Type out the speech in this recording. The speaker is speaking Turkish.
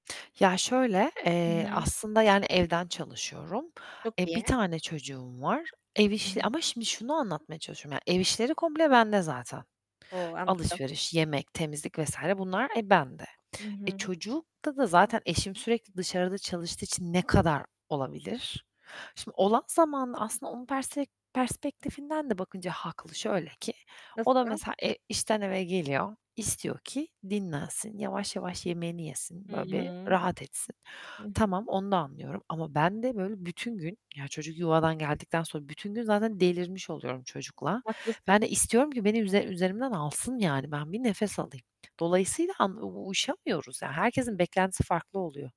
Ya, şöyle, Hı eee, hı. aslında yani evden çalışıyorum. Çok E, 1 iyi. tane çocuğum var. Ev Hı işi hı. ama şimdi şunu anlatmaya çalışıyorum yani. Ev işleri komple bende zaten. O, anladım! Alışveriş, yemek, temizlik vs. bunlar e, bende. Hı E, hı. çocukta da zaten eşim sürekli dışarıda çalıştığı için ne kadar olabilir? Şimdi olan zamanda aslında onun persfe perspektifinden de bakınca haklı. Şöyle ki, Nasıl? o da mesela e işten eve geliyor, istiyor ki dinlensin, yavaş yavaş yemeğini yesin, Hı böyle bir hı, rahat etsin. hı hı. Tamam, onu da anlıyorum ama ben de böyle bütün gün, ya, çocuk yuvadan geldikten sonra bütün gün zaten delirmiş oluyorum çocukla. Haklısın. Ben de istiyorum ki beni üze üzerimden alsın, yani, ben bir nefes alayım. Dolayısıyla, han u uyuşamıyoruz, yani, herkesin beklentisi farklı oluyor.